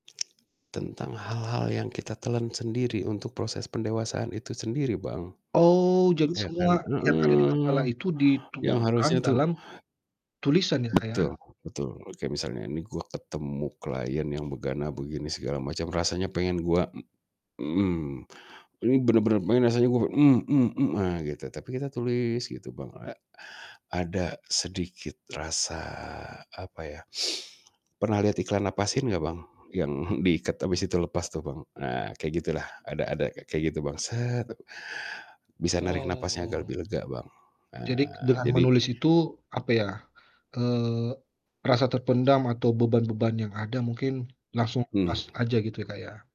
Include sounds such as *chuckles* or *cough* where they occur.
Tentang hal-hal yang kita telan sendiri untuk proses pendewasaan itu sendiri, Bang, Oh, jadi ya kan semua yang ada di kepala heeh. itu Yang harusnya dituangkan tuh dalam tulisan ya, Kak, ya. Betul betul, oke, misalnya ini, gua ketemu klien yang begana-begini, segala macam, rasanya pengen gua, mmm mhm, ini bener-bener pengen rasanya gua ah, gitu, tapi kita tulis gitu, Bang, a ada sedikit rasa, apa ya, pernah liat iklan "napasin" nggak, Bang? Yang *chuckles* diiket, habis itu lepas tuh, Bang. Ah, kayak gitulah, ada ada kayak gitu, Bang, bisa narik napasnya agak Oh. lebih lega, Bang, Jadi ah, dengan jadi menulis itu, apa ya, eee, rasa terpendam atau beban-beban yang ada mungkin langsung lepas Mmm. aja, gitu ya, Kak, ya.